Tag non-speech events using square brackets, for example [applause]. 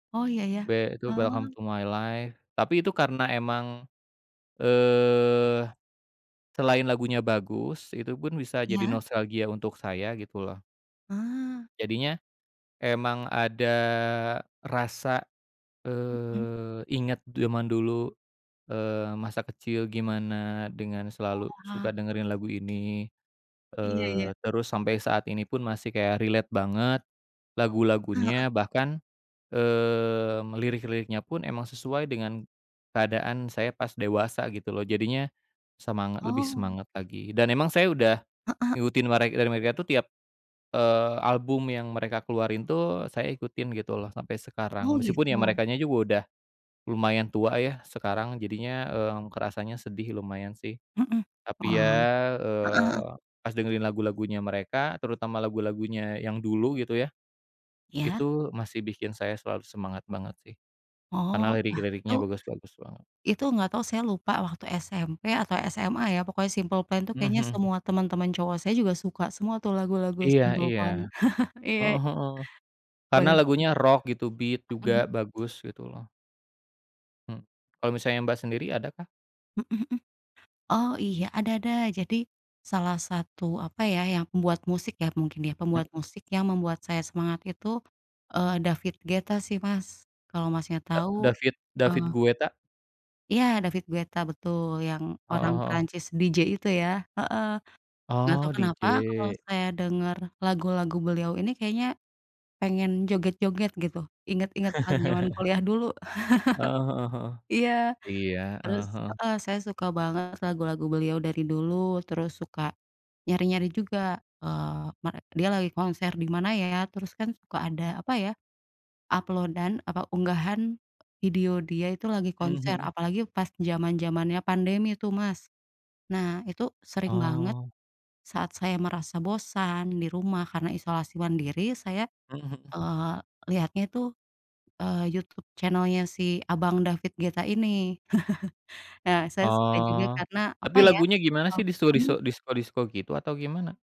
Oh, iya iya. We itu Welcome Ah. to My Life. Tapi itu karena emang, eee, selain lagunya bagus, itu pun bisa jadi Iya. nostalgia untuk saya, gitu loh. Ah. Jadinya emang ada rasa, Mhm. eee, inget zaman dulu, eee, masa kecil gimana dengan selalu suka Wah. dengerin lagu ini, Iya eee, iya. terus sampai saat ini pun masih kayak relate banget Eh, heeh. lagu-lagunya. Bahkan, eee, lirik-liriknya pun emang sesuai dengan keadaan saya pas dewasa gitu loh. Jadinya semangat lebih Oh. semangat lagi dan emang saya udah Heeh. ngikutin mere dari mereka tuh tiap, eee, album yang mereka keluarin tuh saya ikutin gitu loh sampai sekarang. Oh, Meskipun ya gitu. merekanya juga udah lumayan tua ya sekarang. Jadinya, eee, kerasanya sedih lumayan sih, Mhm. tapi Wah, ya, heeh heeh. eee, pas dengerin lagu-lagunya mereka terutama lagu-lagunya yang dulu gitu ya, Iya. itu masih bikin saya selalu semangat banget sih. Karena Oh, lah lirik-liriknya itu bagus-bagus banget. itu nggak tahu saya lupa waktu SMP atau SMA ya pokoknya Simple Plan tuh Mhm kayaknya mhm. semua teman-teman cowok saya juga suka semua tuh lagu-lagu Iya Simple iya. Plan. [chuckles] Iya. Heeh heeh. Karena Bener sih. lagunya rock gitu, beat juga Mhm. bagus gitu loh. Hmm. Kalo misalnya, Mbak, sendiri adakah? Mhm mhm. Oh, iya ada ada jadi salah satu, apa ya, yang pembuat musik ya mungkin ya pembuat Mhm. musik yang membuat saya semangat itu, eee, David Guetta sih Mas kalo Masnya Da tau, David David eee Gueta? Iya, David Guetta betul, yang orang Heeh heeh. Prancis, DJ itu ya. Heeh, nggak tau Oh, kenapa kalau DJ. saya denger lagu-lagu beliau ini kayaknya pengen joget-joget gitu, inget-inget pas zaman [chuckles] kuliah dulu, Heeh heeh [chuckles] heeh. iya. Iya, heeh Terus heeh. heeh, saya suka banget lagu-lagu beliau dari dulu. Terus suka nyari-nyari juga, eee, mere dia lagi konser di mana ya. Terus kan suka ada apa ya, upload-an apa, unggahan video dia itu lagi Mhm konser. mhm. Apalagi pas jaman-jamannya pandemi tuh, Mas. Nah, itu sering banget Oh. saat saya merasa bosan di rumah karena isolasi mandiri, saya, Mhm mhm. eee, liatnya tuh, eee, YouTube channel-nya si abang David Guetta ini. [chuckles] Nah, saya suka juga Oh, karena, apa tapi ya lagunya gimana sih? mhm. Disko-disko disko-disko gitu atau gimana?